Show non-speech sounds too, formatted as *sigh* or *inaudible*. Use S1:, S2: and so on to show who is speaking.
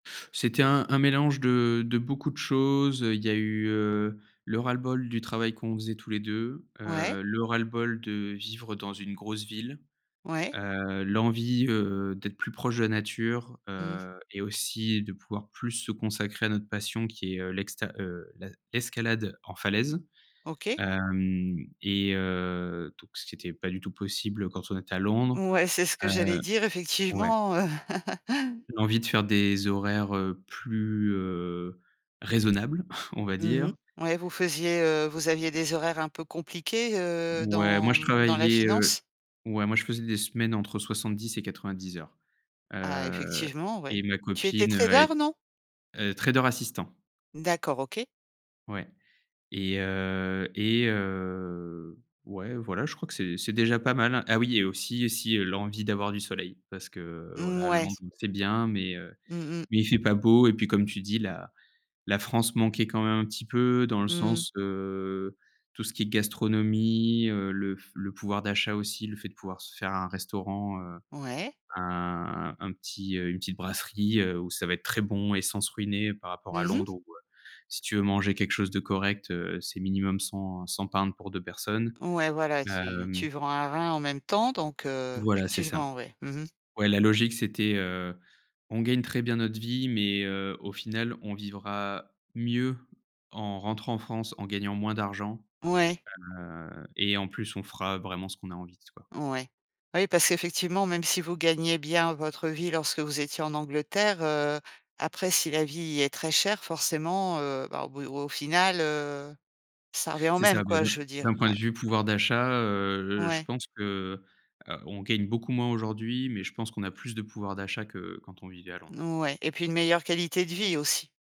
S1: C'était un un mélange de de beaucoup de choses, heu, il y a eu, heu, le ras-le-bol du travail qu'on faisait tous les 2,
S2: Ouais.
S1: heu, le ras-le-bol de vivre dans une grosse ville,
S2: Ouais.
S1: heu, l'envie, heu, d'être plus proche de la nature,
S2: Mmh.
S1: heu et aussi de pouvoir plus se consacrer à notre passion qui est, heu, l'exte heu, la l'escalade en falaise,
S2: OK.
S1: hem et heu, donc, ce qui était pas du tout possible quand on est à Londres,
S2: Ouais, c'est ce que
S1: heu
S2: j'allais dire
S1: ouais.
S2: effectivement, heu *chuckles*
S1: L'envie de faire des horaires, heu, plus, heu, raisonnables, *chuckles* on va
S2: Mmh mh.
S1: dire.
S2: Ouais, vous faisiez, heu, vous aviez des horaires un peu compliquées, heu,
S1: Ouais, moi,
S2: dans,
S1: je
S2: mmh, dans la
S1: travaillais, heu,
S2: finance?
S1: ouais, moi, je faisais des semaines entre 70 et 90 heures,
S2: Ah
S1: heu
S2: effectivement,
S1: et
S2: ouais.
S1: ma
S2: Tu étais
S1: copine, heu, elle
S2: trader,
S1: est
S2: non?
S1: elle est trader assistant.
S2: D'accord, OK.
S1: Ouais et heu et heu, ouais, voilà, je crois que c'est c'est déjà pas mal, hein. Ah oui et aussi et si, l'envie d'avoir du soleil. Parce que
S2: Mmh,
S1: voilà,
S2: ouais.
S1: Londres c'est bien, mais, heu,
S2: Mmh mh.
S1: mais il fait pas beau et puis comme tu dis, la la France manquait quand même un petit peu. Dans le
S2: Mmh mh.
S1: sens, heu, tout ce qui est gastronomie, heu, le f le pouvoir d'achat aussi, le fait de pouvoir se faire un restaurant, heu,
S2: Ouais.
S1: un un un petit, heu, une petite brasserie, heu, où ça va être très bon et sans se ruiner. Par rapport à
S2: Mmh mh.
S1: Londres où heu, si tu veux manger quelque chose de correct, heu, c'est minimum, heu, 100-100 £ pour 2 personnes,
S2: Ouais, voilà, tu
S1: hem
S2: tu vends un rein en même temps, donc heu,
S1: Voilà, c'est ça.
S2: effectivement, ouais. Mmh mh.
S1: Ouais, la logique c'était, heu, on gagne très bien notre vie mais, heu, au final, on vivra mieux en rentrant en France en gagnant moins d'argent,
S2: Ouais.
S1: heu et en plus, on fera vraiment ce qu'on a envie s quoi.
S2: Ouais. Bah oui, parce qu'effectivement, même si vous gagnez bien votre vie lorsque vous étiez en Angleterre, heu, après, si la vie est très chère, forcément, heu, bah, au bout au final, heu, ça revient au
S1: C'est
S2: même,
S1: ça. Bah,
S2: quoi,
S1: d'un
S2: je veux dire.
S1: d'un point
S2: Ouais.
S1: de vue pouvoir d'achat, heu, je
S2: Ouais.
S1: pense que, heu, on gagne beaucoup moins aujourd'hui mais je pense qu'on a plus de pouvoir d'achat que quand on vivait à Londres.
S2: Ouais et puis une meilleure qualité de vie aussi?